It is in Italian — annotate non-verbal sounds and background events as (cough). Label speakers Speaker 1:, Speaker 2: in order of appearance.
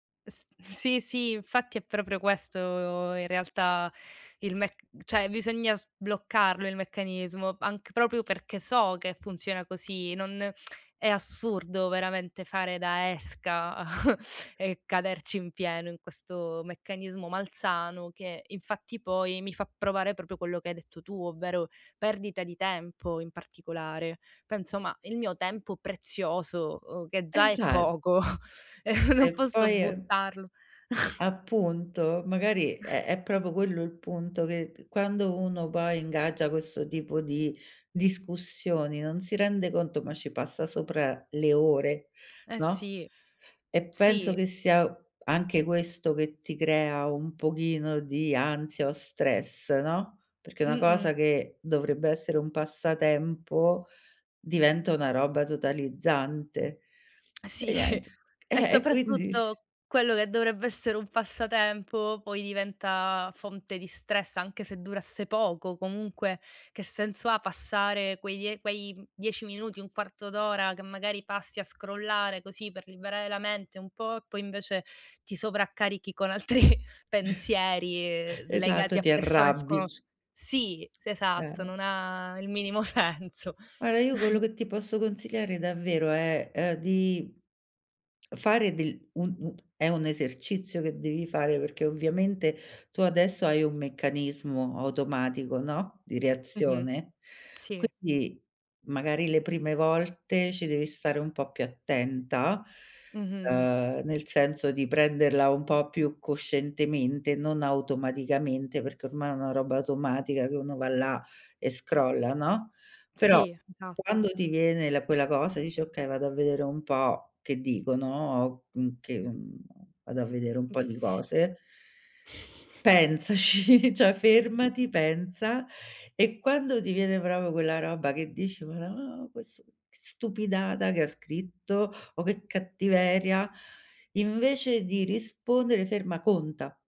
Speaker 1: S sì sì, infatti è proprio questo in realtà il mec cioè bisogna sbloccarlo il meccanismo, anc proprio perché so che funziona così, non, (tsk) è assurdo veramente fare da esca (chuckles) e caderci in pieno in questo meccanismo malsano, che infatti poi, mi fa provare proprio quello che hai detto tu, ovvero, perdita di tempo in particolare. Penso, ma il mio tempo prezioso, che già è
Speaker 2: Esa
Speaker 1: poco,
Speaker 2: E
Speaker 1: (chuckles) non posso
Speaker 2: poi
Speaker 1: buttarlo. (chuckles)
Speaker 2: appunto, magari è è proprio quello il punto, che t quando uno poi ingaggia questo tipo di discussioni, non si rende conto, ma ci passa sopra le ore,
Speaker 1: Eh
Speaker 2: no,
Speaker 1: sì,
Speaker 2: e penso
Speaker 1: sì.
Speaker 2: che sia anche questo che ti crea un pochino di ansia o stress, no, perché una cosa
Speaker 1: Mh-mh.
Speaker 2: che dovrebbe essere un passatempo, diventa una roba totalizzante. E
Speaker 1: Sì,
Speaker 2: niente,
Speaker 1: e
Speaker 2: eh, e quindi
Speaker 1: soprattutto, quello che dovrebbe essere un passatempo, poi diventa fonte di stress, anche se durasse poco; comunque che senso ha passare quei die quei 10 minuti, un quarto d'ora che magari passi a scrollare così per liberare la mente un po', e poi invece ti sovraccarichi con altri
Speaker 2: (chuckles)
Speaker 1: pensieri,
Speaker 2: Esatto,
Speaker 1: legati
Speaker 2: ti
Speaker 1: a persone
Speaker 2: arrabbi.
Speaker 1: sconosci sì, s esatto,
Speaker 2: Eh.
Speaker 1: non ha il minimo senso.
Speaker 2: Guarda, io quello
Speaker 1: (chuckles)
Speaker 2: che ti posso consigliare davvero, è, ehm, (clicks tongue) di fare del un un è un esercizio che devi fare, perché ovviamente tu adesso hai un meccanismo automatico, no, di
Speaker 1: Mh-mh.
Speaker 2: reazione.
Speaker 1: Sì.
Speaker 2: Quindi, magari le prime volte ci devi stare un po' più attenta,
Speaker 1: Mh-mh.
Speaker 2: ehm, nel senso di prenderla un po' più coscientemente, non automaticamente, perché ormai è una roba automatica che uno va là e scrolla, no, però
Speaker 1: Sì, esatto.
Speaker 2: quando ti viene la quella cosa e dici: "Okay, vado a vedere un po' che dicono, m che mhmm, vado a vedere un
Speaker 1: Mh.
Speaker 2: po' di cose." Pensaci, cioè fermati, pensa, e quando ti viene proprio quella roba che dici: "Marò ques che stupidata che scritto," o: "Che cattiveria," invece di rispondere ferma, conta.